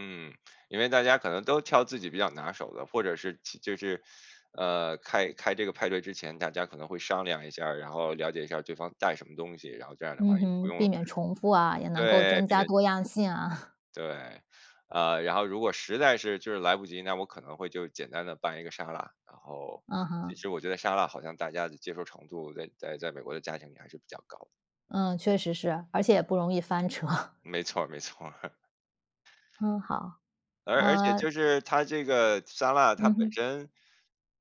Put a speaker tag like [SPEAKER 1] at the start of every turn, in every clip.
[SPEAKER 1] 嗯，因为大家可能都挑自己比较拿手的，或者是其就是，呃，开开这个派对之前大家可能会商量一下儿，然后了解一下儿对方带什么东西，然后这样的
[SPEAKER 2] 嗯
[SPEAKER 1] 话也不
[SPEAKER 2] 哼，
[SPEAKER 1] 用
[SPEAKER 2] 避免重复啊，也能够
[SPEAKER 1] 对，
[SPEAKER 2] 征
[SPEAKER 1] 避
[SPEAKER 2] 加
[SPEAKER 1] 免
[SPEAKER 2] 多样性啊。
[SPEAKER 1] 对，呃，然后如果实在是就是来不及，那我可能会就简单地拌一个沙拉，然后
[SPEAKER 2] 嗯
[SPEAKER 1] 其
[SPEAKER 2] 哼。
[SPEAKER 1] 实我觉得沙拉好像大家的接受程度在在美国的家庭也还是比较高的。
[SPEAKER 2] 嗯，确实是，而且也不容易翻车。
[SPEAKER 1] 没错儿，没错儿。
[SPEAKER 2] 嗯，好，
[SPEAKER 1] 而而且就
[SPEAKER 2] 呃
[SPEAKER 1] 是它这个沙拉，它
[SPEAKER 2] 嗯
[SPEAKER 1] 本
[SPEAKER 2] 哼。
[SPEAKER 1] 身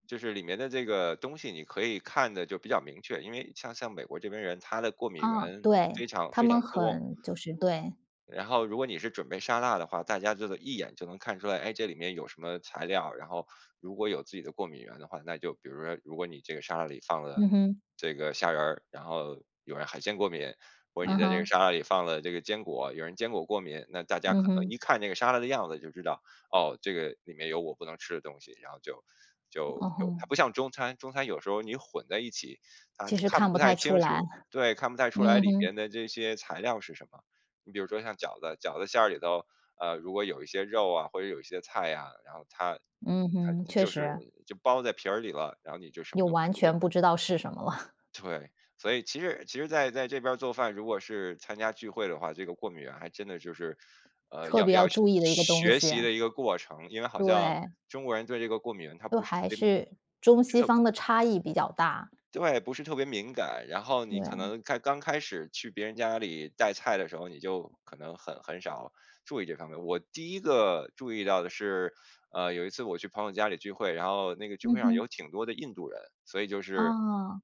[SPEAKER 1] 就是里面的这个东西，你可以看得就比较明确，因为像像美国这边人，他的过敏原
[SPEAKER 2] 啊，
[SPEAKER 1] 非
[SPEAKER 2] 对，
[SPEAKER 1] 常
[SPEAKER 2] 他
[SPEAKER 1] 非常
[SPEAKER 2] 们
[SPEAKER 1] 多。
[SPEAKER 2] 很就是对。
[SPEAKER 1] 然后，如果你是准备沙拉的话，大家就得一眼就能看出来，哎，这里面有什么材料，然后如果有自己的过敏原的话，那就比如说，如果你这个沙拉里放了
[SPEAKER 2] 嗯哼。
[SPEAKER 1] 这个虾仁儿，然后有人海鲜过敏，或者你
[SPEAKER 2] 嗯
[SPEAKER 1] 在这个
[SPEAKER 2] 哼。
[SPEAKER 1] 沙拉里放了这个坚果，有人坚果过敏，那大家
[SPEAKER 2] 嗯
[SPEAKER 1] 可能
[SPEAKER 2] 哼。
[SPEAKER 1] 一看这个沙拉的样子就知道：“哦，这个里面有我不能吃的东西。”然后就就
[SPEAKER 2] 嗯
[SPEAKER 1] 就它
[SPEAKER 2] 哼。
[SPEAKER 1] 不像中餐，中餐有时候你混在一起，他
[SPEAKER 2] 其实
[SPEAKER 1] 看
[SPEAKER 2] 看
[SPEAKER 1] 不
[SPEAKER 2] 不
[SPEAKER 1] 太
[SPEAKER 2] 太出
[SPEAKER 1] 清楚
[SPEAKER 2] 来。
[SPEAKER 1] 对，看不太出来
[SPEAKER 2] 嗯
[SPEAKER 1] 里
[SPEAKER 2] 哼。
[SPEAKER 1] 面的这些材料是什么。你比如说像饺子，饺子馅儿里头，呃，如果有一些肉啊，或者是有一些菜啊，然后它
[SPEAKER 2] 嗯
[SPEAKER 1] 它
[SPEAKER 2] 哼，确
[SPEAKER 1] 就是
[SPEAKER 2] 实。
[SPEAKER 1] 就包在皮儿里了，然后你就什么
[SPEAKER 2] 又
[SPEAKER 1] 都看
[SPEAKER 2] 完
[SPEAKER 1] 不见。
[SPEAKER 2] 全不知道是什么了。
[SPEAKER 1] 对，所以其实其实在在这边儿做饭，如果是参加聚会的话，这个过敏原还真的就是，呃，
[SPEAKER 2] 特
[SPEAKER 1] 要
[SPEAKER 2] 别
[SPEAKER 1] 要
[SPEAKER 2] 要
[SPEAKER 1] 学
[SPEAKER 2] 注意的一个东
[SPEAKER 1] 学
[SPEAKER 2] 西。
[SPEAKER 1] 习的一个过程。因为好像
[SPEAKER 2] 对。
[SPEAKER 1] 中国人对这个过敏原他
[SPEAKER 2] 就
[SPEAKER 1] 不是特
[SPEAKER 2] 还
[SPEAKER 1] 别敏
[SPEAKER 2] 是中
[SPEAKER 1] 是
[SPEAKER 2] 西
[SPEAKER 1] 特
[SPEAKER 2] 方的差异比较大。
[SPEAKER 1] 对，不是特别敏感，然后你可
[SPEAKER 2] 对。
[SPEAKER 1] 能开刚开始去别人家里带菜的时候，你就可能很很少注意这方面。我第一个注意到的是，呃，有一次我去朋友家里聚会，然后那个聚
[SPEAKER 2] 嗯
[SPEAKER 1] 会上有
[SPEAKER 2] 哼。
[SPEAKER 1] 挺多的印度人，所以就是
[SPEAKER 2] 哦。